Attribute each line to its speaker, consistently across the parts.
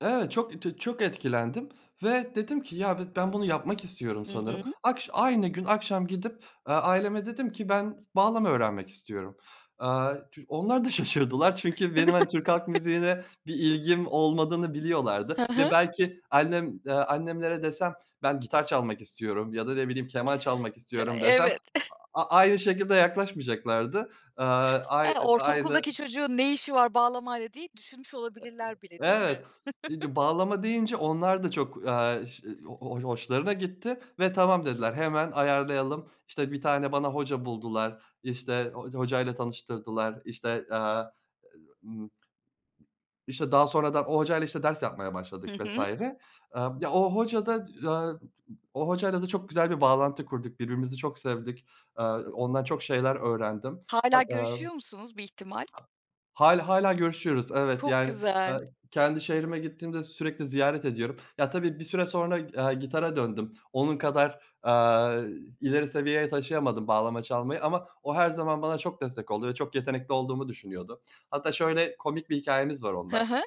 Speaker 1: Evet, çok tü çok etkilendim ve dedim ki ya bi ben bunu yapmak istiyorum
Speaker 2: Hı
Speaker 1: sanırım.
Speaker 2: hı.
Speaker 1: Akş aynı gün akşam gidip, eee, aileme dedim ki ben bağlama öğrenmek istiyorum. Aaa tü onlar da şaşırdılar. Çünkü benim hani
Speaker 2: [unintelligible]
Speaker 1: Türk halk müziğine bir ilgim olmadığını biliyorlardı
Speaker 2: Hı
Speaker 1: ve
Speaker 2: hı.
Speaker 1: belki annem, eee, annemlere desem ben gitar çalmak istiyorum ya da ne bileyim keman çalmak
Speaker 2: D
Speaker 1: istiyorum desem
Speaker 2: evet.
Speaker 1: a aynı şekilde yaklaşmayacaklardı. Aaa ay
Speaker 2: He,
Speaker 1: aynı
Speaker 2: ortaokuldaki çocuğun ne işi var bağlamayla diye düşünmüş
Speaker 1: E
Speaker 2: olabilirler bile, değil
Speaker 1: eee,
Speaker 2: mi?
Speaker 1: evet [unintelligible] bağlama deyince onlar da çok, aaa, ş ho ho hoşlarına gitti ve tamam dediler. Hemen ayarlayalım işte bir tane bana hoca buldular işte ho hocayla tanıştırdılar işte, aaa, ııı, ımm İşte daha sonradan o hocayla işte ders yapmaya başladık
Speaker 2: Hı
Speaker 1: vs.
Speaker 2: hı.
Speaker 1: Eee, ya, o hocada, eee, [unintelligible] o hocayla da çok güzel bir bağlantı kurduk. Birbirimizi çok sevdik. Eee, ondan çok şeyler öğrendim.
Speaker 2: Hâlâ
Speaker 1: Hat eee. A
Speaker 2: görüşüyor musunuz bir ihtimal?
Speaker 1: Hâlâ hâlâ görüşüyoruz. Evet,
Speaker 2: Çok
Speaker 1: yani,
Speaker 2: güzel.
Speaker 1: eee, kendi şehrime gittiğimde sürekli ziyaret ediyorum. Ya tabii bir süre sonra g eee, gitara döndüm. Onun kadar, aaa, ileri seviyeye taşıyamadım bağlama çalmayı ama o her zaman bana çok destek oldu ve çok yetenekli olduğumu düşünüyordu. Hatta şöyle komik bir hikâyemiz var
Speaker 2: Hı
Speaker 1: onunla.
Speaker 2: hı.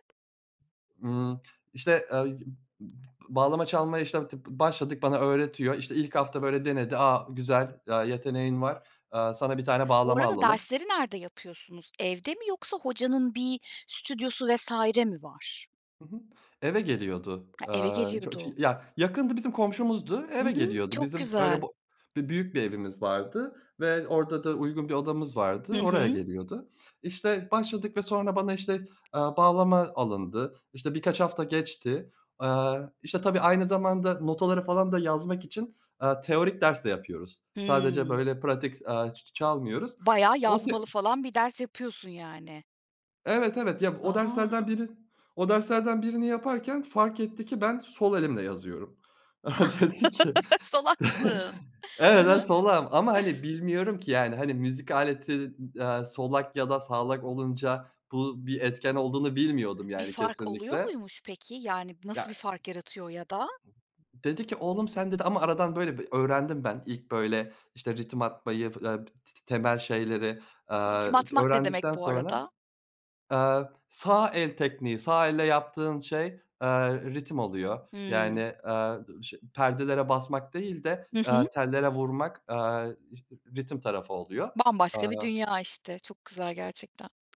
Speaker 1: Imm, işte, ııı, [unintelligible] bağlama çalmaya işte ti başladık, bana öğretiyor. İşte ilk hafta böyle denedi. A, güzel, aaa, yeteneğin var. Eee sana bir tane
Speaker 2: Bu
Speaker 1: bağlama
Speaker 2: arada
Speaker 1: alalım.
Speaker 2: dersleri nerede yapıyorsunuz? Evde mi yoksa hocanın bir stüdyosu vs. mi var?
Speaker 1: Hı hı. Eve geliyordu.
Speaker 2: He, eve
Speaker 1: Aaa, ço cı
Speaker 2: geliyordu.
Speaker 1: ya, yakındı bizim komşumuzdu. Eve
Speaker 2: Hımm
Speaker 1: geliyordu.
Speaker 2: çok
Speaker 1: Bizim öyle
Speaker 2: güzel.
Speaker 1: bo bir büyük bir evimiz vardı ve orada da uygun bir odamız
Speaker 2: Hı
Speaker 1: vardı. Oraya
Speaker 2: hı.
Speaker 1: geliyordu. İşte başladık ve sonra bana işte, eee, bağlama alındı. İşte birkaç hafta geçti. Aaa, işte tabii aynı zamanda notaları falan da yazmak için, aaa, teorik ders de yapıyoruz. Sadece
Speaker 2: Hımm.
Speaker 1: böyle pratik, aaa, ç ç çalmıyoruz.
Speaker 2: Bayağı yazmalı
Speaker 1: [unintelligible]
Speaker 2: falan bir ders yapıyorsun yani.
Speaker 1: Evet evet ya o derslerden
Speaker 2: A!
Speaker 1: biri o derslerden birini yaparken fark etti ki ben sol elimle yazıyorum. Dedi ki
Speaker 2: Salaksın. Hı
Speaker 1: evet ben
Speaker 2: hı.
Speaker 1: solağım ama hani bilmiyorum ki yani hani müzik aleti d aaa, solak ya da sağlak olunca bu bir etken olduğunu bilmiyordum
Speaker 2: Bir
Speaker 1: yani
Speaker 2: fark oluyor
Speaker 1: kesinlikle.
Speaker 2: muymuş peki? Yani nasıl
Speaker 1: Ya
Speaker 2: bir fark yaratıyor ya da?
Speaker 1: Dedi ki oğlum sen dedi ama aradan böyle bir öğrendim ben. İlk böyle işte ritim atmayı f te te temel şeyleri, aaa,
Speaker 2: Ritim
Speaker 1: c
Speaker 2: atmak ne demek
Speaker 1: öğrendikten
Speaker 2: bu
Speaker 1: sonra
Speaker 2: arada?
Speaker 1: Aaa, sağ el tekniği, sağ elle yaptığın şey, eee, ritim oluyor. Yani,
Speaker 2: Hımm.
Speaker 1: eee, şe perdelere basmak değil de,
Speaker 2: Hı
Speaker 1: eee,
Speaker 2: hı.
Speaker 1: tellere vurmak, eee, ş ritim tarafı oluyor.
Speaker 2: Bambaşka bir
Speaker 1: Aaa
Speaker 2: dünya işte, çok güzel
Speaker 1: I
Speaker 2: gerçekten.